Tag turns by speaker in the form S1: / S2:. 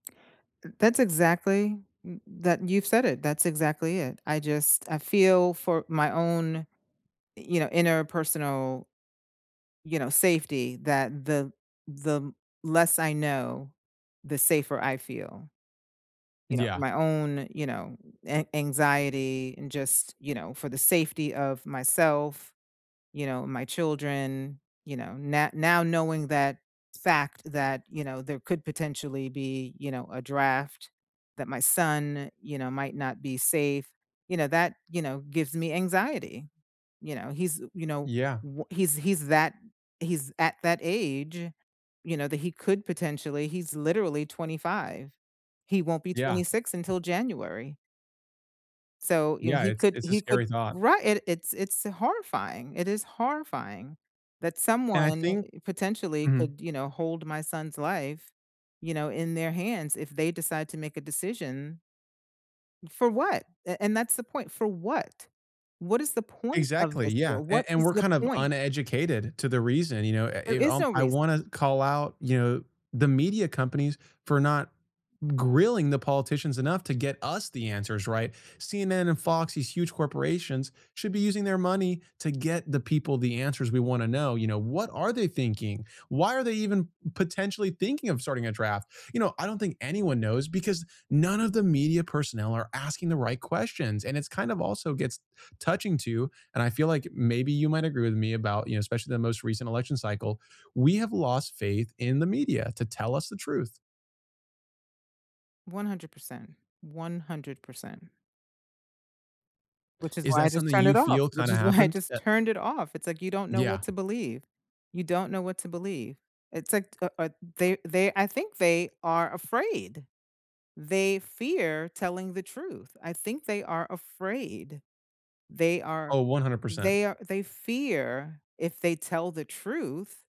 S1: Th that's exactly m that you've said it, that's exactly it, I just I feel for my own, you know, interpersonal you know, safety that the the less I know, the safer I feel. You know, for
S2: Yeah.
S1: my own, you know, an anxiety and just, you know, for the safety of myself, you know, my children, you know, no now knowing that fact that, you know, there could potentially be, you know, a draft that my son, you know, might not be safe, you know, that, you know, gives me anxiety. You know, he's, you know,
S2: Yeah.
S1: w he's he's that he's at that age, you know, that he could potentially he's literally 25. He won't be
S2: Yeah.
S1: 26 until January. So, you know,
S2: Yeah,
S1: he
S2: it's
S1: could
S2: it's a
S1: he could
S2: scary thought.
S1: Right, it it's it's horrifying, it is horrifying that
S2: And I
S1: someone,
S2: think
S1: potentially,
S2: Mhm.
S1: could, you know, hold my son's life, you know, in their hands if they decide to make a decision for what, a and that's the point, for what? What is the point of
S2: Exactly,
S1: this
S2: yeah,
S1: war,
S2: and
S1: what
S2: and
S1: is
S2: we're
S1: the
S2: kind of
S1: point?
S2: uneducated to the reason, you know? I I
S1: There is
S2: um,
S1: no
S2: I
S1: reason.
S2: wanna call out, you know, the media companies for not grilling the politicians enough to get us the answers, right? CNN and Fox, these huge corporations, should be using their money to get the people the answers we wanna know, you know, what are they thinking? Why are they even potentially thinking of starting a draft? You know, I don't think anyone knows because none of the media personnel are asking the right questions, and it's kind of also gets touching to and I feel like maybe you might agree with me about, you know, especially the most recent election cycle, we have lost faith in the media to tell us the truth.
S1: 100%. 100%. Which is
S2: Is
S1: why I
S2: that
S1: just
S2: something
S1: turned it
S2: you
S1: off,
S2: feel
S1: which
S2: kinda
S1: is why I
S2: happened?
S1: just
S2: Eh
S1: turned it off, it's like you don't know
S2: Yeah.
S1: what to believe. You don't know what to believe. It's like, u o the they I think they are afraid. They fear telling the truth, I think they are afraid. They are
S2: Oh, 100%.
S1: they a they fear if they tell the truth